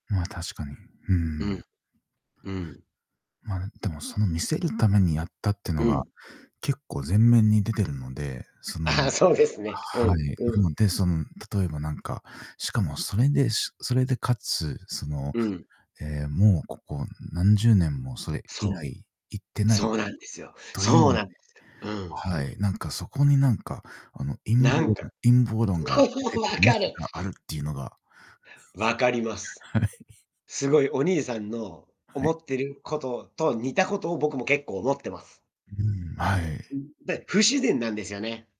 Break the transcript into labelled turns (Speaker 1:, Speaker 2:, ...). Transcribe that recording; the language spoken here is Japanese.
Speaker 1: まあ、確かに。うー
Speaker 2: うん。
Speaker 1: ん。
Speaker 2: うん。
Speaker 1: ま、でもその、見せるためにやったっての
Speaker 2: う
Speaker 1: が、
Speaker 2: ん。
Speaker 1: 結構前面に出てるので、そのはい、
Speaker 2: ああ、そうですね。うん。う
Speaker 1: な
Speaker 2: ん。
Speaker 1: ので、その例えばなんか、しかもそれで、しそれでかつ、その、
Speaker 2: うん。
Speaker 1: ええ、もうここ何十年もそれ以
Speaker 2: そう。
Speaker 1: 来行ってな
Speaker 2: そ
Speaker 1: い
Speaker 2: うなんですよ。
Speaker 1: とい
Speaker 2: そう
Speaker 1: う
Speaker 2: なんですよ。うん。
Speaker 1: はい、なんか、そこになんか、あの、陰
Speaker 2: な
Speaker 1: 謀
Speaker 2: ん
Speaker 1: 論
Speaker 2: か、
Speaker 1: 陰謀論が
Speaker 2: そ
Speaker 1: 出
Speaker 2: う、
Speaker 1: てく
Speaker 2: 分
Speaker 1: る余
Speaker 2: か
Speaker 1: 地
Speaker 2: る。
Speaker 1: ががあるっていうのが
Speaker 2: 分かります。
Speaker 1: はい。
Speaker 2: すごいお兄さんの
Speaker 1: は
Speaker 2: 思
Speaker 1: い。
Speaker 2: ってることと似たことを僕も結構思ってます。
Speaker 1: うーん。はい。
Speaker 2: うん、で、不自然なんですよね。